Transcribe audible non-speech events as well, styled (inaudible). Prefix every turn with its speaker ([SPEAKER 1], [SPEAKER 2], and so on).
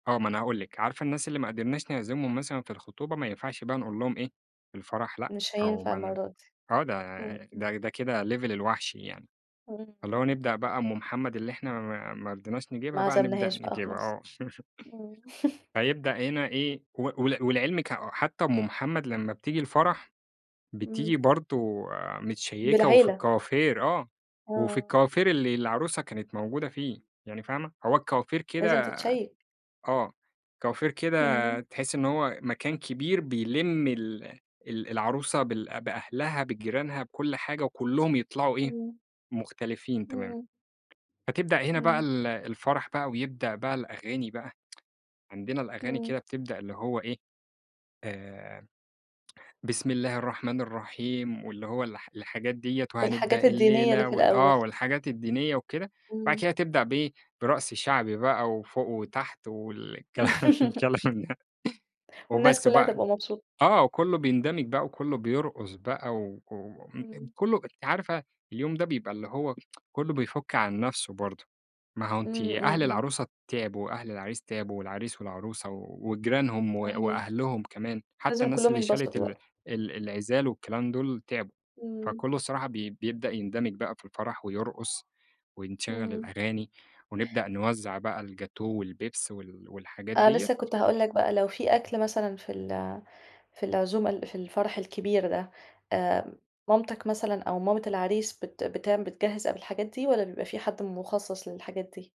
[SPEAKER 1] آه ما أنا هاقول لِك، عارفة الناس اللي ما قدرناش نعزمهم مثلًا في الخطوبة ما ينفعش بقى نقول لهم إيه في الفرح لأ،
[SPEAKER 2] مش
[SPEAKER 1] أو
[SPEAKER 2] هينفع
[SPEAKER 1] ما ن
[SPEAKER 2] المرة دي.
[SPEAKER 1] آه ده
[SPEAKER 2] إمم إمم.
[SPEAKER 1] ده ده كده level الوحْش يعني،
[SPEAKER 2] إمم
[SPEAKER 1] فاللي
[SPEAKER 2] إمم.
[SPEAKER 1] هو نبدأ بقى أم محمد اللي إحنا ما ما رديناش
[SPEAKER 2] ما
[SPEAKER 1] نجيبها بقى نبدأ
[SPEAKER 2] عزمنهاش بقى
[SPEAKER 1] نجيبها
[SPEAKER 2] خلاص.
[SPEAKER 1] آه،
[SPEAKER 2] إمم.
[SPEAKER 1] (laughs) فيبدأ هنا إيه، و ول ولعلْمِك حتّى أم محمد لمّا بتيجي الفرح بتيجي
[SPEAKER 2] إمم.
[SPEAKER 1] برضو متشيّكة وفي
[SPEAKER 2] بالعِيلة.
[SPEAKER 1] الكوافير آه، وفي
[SPEAKER 2] آه.
[SPEAKER 1] الكوافير اللي العروسة كانت موجودة فيه يعني فاهمة، هو الكوافير
[SPEAKER 2] لازم
[SPEAKER 1] كده
[SPEAKER 2] تتشيك.
[SPEAKER 1] آه، كوافير كده
[SPEAKER 2] إمم.
[SPEAKER 1] تحسّي إن هو مكان كبير بيلم ال ال العروسة بال بأهلها بجيرانها بكل حاجة وكلّهم يطلعوا إيه؟
[SPEAKER 2] إمم.
[SPEAKER 1] مختلفين تمامًا،
[SPEAKER 2] إمم.
[SPEAKER 1] فتبدأ هنا بقى
[SPEAKER 2] إمم.
[SPEAKER 1] ال الفرح بقى ويبدأ بقى الأغاني بقى، عندنا الأغاني
[SPEAKER 2] إمم.
[SPEAKER 1] كده بتبدأ اللي هو إيه، آآ بسم الله الرحمن الرحيم واللي هو الح الحاجات ديّة وهنبدأ
[SPEAKER 2] الحاجات الدينية اللي
[SPEAKER 1] الليلة
[SPEAKER 2] في
[SPEAKER 1] وال
[SPEAKER 2] الأول.
[SPEAKER 1] آه والحاجات الدينية وكده، بعد
[SPEAKER 2] إمم.
[SPEAKER 1] كده تبدأ بإيه؟ برقص شعبي بقى وفوق وتحت والكلام
[SPEAKER 2] (laughs)
[SPEAKER 1] الكلام ده
[SPEAKER 2] والناس
[SPEAKER 1] وبس
[SPEAKER 2] كلها
[SPEAKER 1] بقى،
[SPEAKER 2] تبقى مبسوط
[SPEAKER 1] آه كلّه بيندمج بقى وكلّه بيرقص بقى و (unintelligible)
[SPEAKER 2] إمم.
[SPEAKER 1] كلّه أنتِ عارفة اليوم ده بيبقى اللي هو (tsk) كلّه بيفُك عن نفْسه برضو، ما هو أنتِ
[SPEAKER 2] إمم، إمم،
[SPEAKER 1] أهل
[SPEAKER 2] إمم.
[SPEAKER 1] العروسة تعبوا وأهل العريس تعبوا والعريس والعروسة وجيرانهم و
[SPEAKER 2] صحيح.
[SPEAKER 1] وأهلهم كمان، حتّى
[SPEAKER 2] لازم
[SPEAKER 1] الناس
[SPEAKER 2] كلهم
[SPEAKER 1] اللي شالت
[SPEAKER 2] ينبسطوا
[SPEAKER 1] ال
[SPEAKER 2] بقى.
[SPEAKER 1] ال العزال والكلام دُول تعبوا،
[SPEAKER 2] إمم.
[SPEAKER 1] فكله الصراحة ب بيبدأ يندمج بقى في الفرح ويرقص، ونشغّل
[SPEAKER 2] إمم.
[SPEAKER 1] الأغاني ونبدأ نوزَّع بقى الجاتوه والبيبس وال والحاجات
[SPEAKER 2] آه لسّه
[SPEAKER 1] ديّة.
[SPEAKER 2] كنت هاقول لك بقى، لو فيه أكْل مثلًا في ال في العزومة ال في الفرح الكبير ده، آآ مامتك مثلًا أو مامة العريس بت بتعم بتجهِّز قبل الحاجات دي والّا بيبقى فيه حد مخصص للحاجات دي.